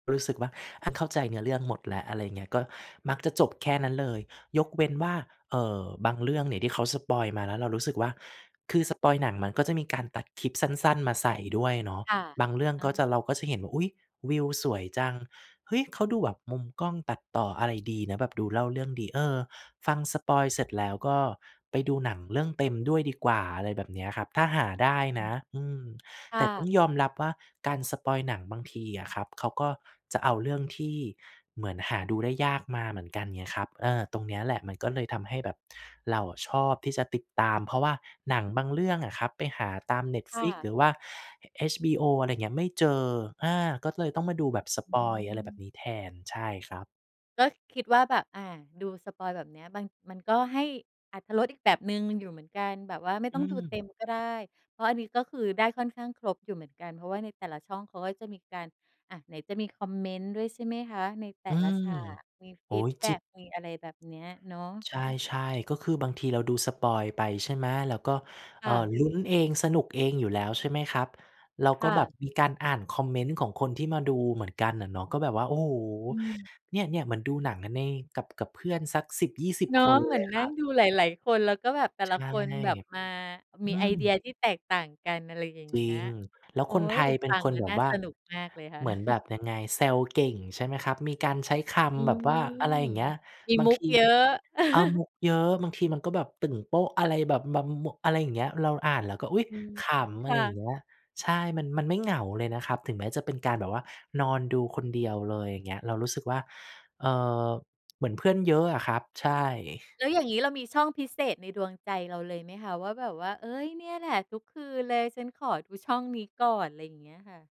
รู้สึกว่า ถ้าเข้าใจเนื้อเรื่องหมดแล้ว อะไรอย่างเงี้ย ก็มักจะจบแค่นั้นเลย ยกเว้นว่า เอ่อ บางเรื่องเนี่ยที่เขาสปอยล์มา แล้วเรารู้สึกว่า คือสปอยล์หนังมันก็จะมีการตัดคลิปสั้น ๆ มาใส่ด้วยเนาะ ค่ะ บางเรื่องอะก็ฮจะ ะ เราก็จะเห็นว่า อุ๊ย วิวสวยจัง เฮ้ย เขาดูแบบมุมกล้องตัดต่ออะไรดีนะ แบบดูเล่าเรื่องดี เออ ฟังสปอยล์เสร็จแล้ว ก็ไปดูหนังเรื่องเต็มด้วยดีกว่า อะไรแบบเนี้ยครับ ถ้าหาได้อืนะ ม อืม คแ่ต่ต้องะ ยอมรับว่า การสปอยล์หนังบางทีอะครับ เขาก็จะเอาเรื่องที่ เหมือนหาดูได้ยากมาเหมือนกัน เงี้ยครับ เออ ตรงเนี้ยแหละ มันก็เลยทำให้แบบ เราอะชอบที่จะติดตาม เพราะว่าหนังบางเรื่องอะครับ ไปหาตาม ค่Netflix ะ หรือว่า HBO อะไรเงี้ย ไม่เจอ อา ก็เลยต้องมาดูแบบสอืปอยล์ อะไรแบบม นี้แทน ใช่ครับ ก็คิดว่าแบบ อา ดูสปอยล์แบบเนี้ย บาง มันก็ให้อรรถรสอีกแบบหนึ่งอยู่เหมือนกัน แบบว่าไม่อตื้องดูเต็ม ม ก็ได้ เพราะอันนี้ก็คือ ได้ค่อนข้างครบอยู่เหมือนกัน เพราะว่าในแต่ละช่องเขาก็จะมีการ อะ ไหนจะมีคอมเมนต์ด้วยใช่ไหมคะ? ในแต่อืละม ฉาก มีโฟอ้ีโฮ ดแบจ็ริง ก มีอะไรแบบเนี้ยเนาะ ใช่ ๆ ก็คือบางทีเราดูสปอยล์ไปใช่ไหม? แล้วก็ คเอ่่อ ะ ลุ้น เองสนุกเองอยู่แล้ว ใช่ไหมครับ? เราคก็่แบบะ มีการอ่านคอมเมนต์ของคนที่มาดูเหมือนกันอะเนาะ ก็แบบว่า โอ้โฮ อืม เนี่ย ๆ เหมือนดูหนังกันใน กับ กับเพื่อนสัก 10-20 เนาะ คน เหมเืลอนยนคั่รังบ ดูหลาย ๆ คน แล้วก็แบบแต่ใชละ่ คนแบบมา อมืีไอเดียม ที่แตกต่างกัน อะไรอย่างจเรงี้ิย ง แล้วโอ๊คนไทย ยเป็ฟนังคแนล้วแบน่บาว่า สนุกมากเลยค่ะ เหมือนแบบยังไง? แซวเก่งใช่ไหมครับ? มีการใช้คอืำแบม บว่า อะไรอย่างเงี้ย มีบามงุทกี เยอะ เออ มุกเยอะ บางทีมันก็แบบตึ่งโป๊ะอะไรแบบ [unintelligible] อะไรอย่างเงี้ย เราอ่านแล้วก็ อุ๊ย อืม ขำ อคะไ่รอย่างเะ งี้ย ใช่ มัน มันไม่เหงาเลยนะครับ ถึงแม้จะเป็นการแบบว่านอนดูคนเดียวเลย อย่างเงี้ย เรารู้สึกว่า เอ่อ เหมือนเพื่อนเยอะอะครับ ใช่ แล้วอย่างงี้เรามีช่องพิเศษในดวงใจเราเลยไหมคะ? ว่าแบบว่า เอ๊ย เนี่ยแหละทุกคืนเลย ฉันขอดูช่องนี้ก่อน อะไรเงี้ยค่ะ